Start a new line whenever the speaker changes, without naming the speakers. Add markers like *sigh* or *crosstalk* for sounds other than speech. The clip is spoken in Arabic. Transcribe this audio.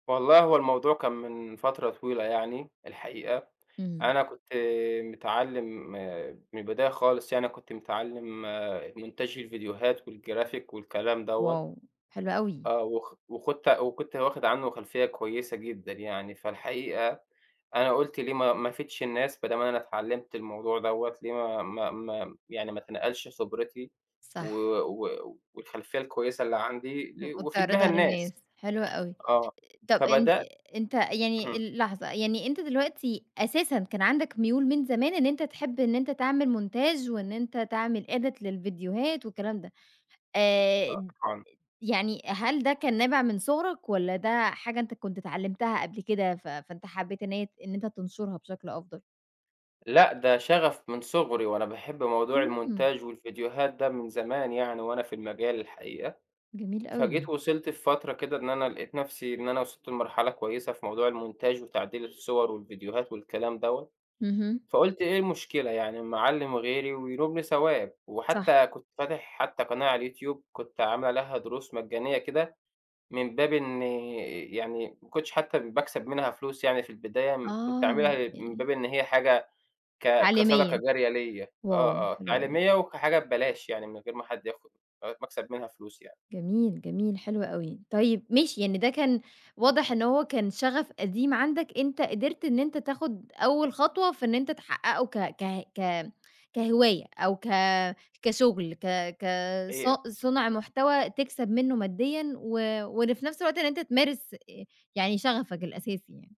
والله هو الموضوع كان من فترة طويلة يعني الحقيقة.
إمم.
أنا كنت متعلّم م من البداية خالص يعني أنا كنت متعلّم مونتاج الفيديوهات والجرافيك والكلام دوّة.
واو حلو أوي.
آه، وخ وخَدت وكنت واخِد عنه خلفِيَّة كويسة جدًا يعني. فالحقيقة أنا قُلت ليه: "ما ما افِيدش الناس؟" بدام أنا اتعلَّمت الموضوع دوّة، ليه ما ما ما يعني ما اتنقّلش خِبرتي و
صح.
و والخلفِيَّة الكويسة اللي عندي لي
مؤ
وافِيد بيها
تعرِضها للناس.
الناس.
حلوة أوي. آآ،
آه،
طب أنت
فبدَأت
أنتَ يعني
إمم.
ال لحظة، يعني أنتَ دلوقتي أساسًا كان عندك مُيول من زمان إن أنتَ تحِب إن أنتَ تعمل مونتاج وإن أنتَ تعمل edit للفيديوهات والكلام ده. آآ، *unintelligible*
*unintelligible*
يعني هل ده كان نابِع من صغرك والّا ده حاجة أنتَ كنت اتعلَّمتها قبل كده، ف فأنتَ حبّيت إن هي ت إن أنتَ تنشُرها بشكل أفضل؟
لأ ده شَغَف من صغري، وأنا باحِب موضوع
إمم.
المونتاج والفيديوهات ده من زمان يعني، وأنا في المجال الحقيقة.
جميل
فجيت
أوي.
وصَلت في فترة كده إن أنا لقِيت نفسي إن أنا وصَلت لمرحلة كويسة في موضوع المونتاج وتعديل الصور والفيديوهات والكلام دوّة،
اهم.
فقُلت: "إيه المشكلة يعني اما اعلّم غيري وينُوبني ثواب؟"
صح.
وحتى كنت فاتِح حتى قناة على الYouTube، كنت عامِل عليها دُرُوس مَجَّانية كده من باب إن يعني ما كنتش حتى باكسَب منها فلوس يعني في البداية. م كنت
آه،
عاملها من
يعن
باب إن هي حاجة ك كصدَقة
عالمية،
جارِية ليّ، آه،
واو،
آه،
حلو أوي.
تعليمية، وكحاجة ببلاش يعني، من غير ما حد ياخُد لغاية ما اكَسَب منها فلوس يعني.
جميل جميل، حلو أوي. طيب ماشي، يعني ده كان واضح إن هو كان شَغَف قديم عندك، أنتَ قَدَرت إن أنتَ تاخُد أول خطوة في إن أنتَ تحقِّقه ك ك ك كهِواية، أو ك كشُغل ك ك ص
إيه أ
صُنع مُحتوى تكسَب منه ماديًا، و وإن في نفس الوقت إن أنتَ تمارِس آآ، يعني شَغَفك الأساسي يعني.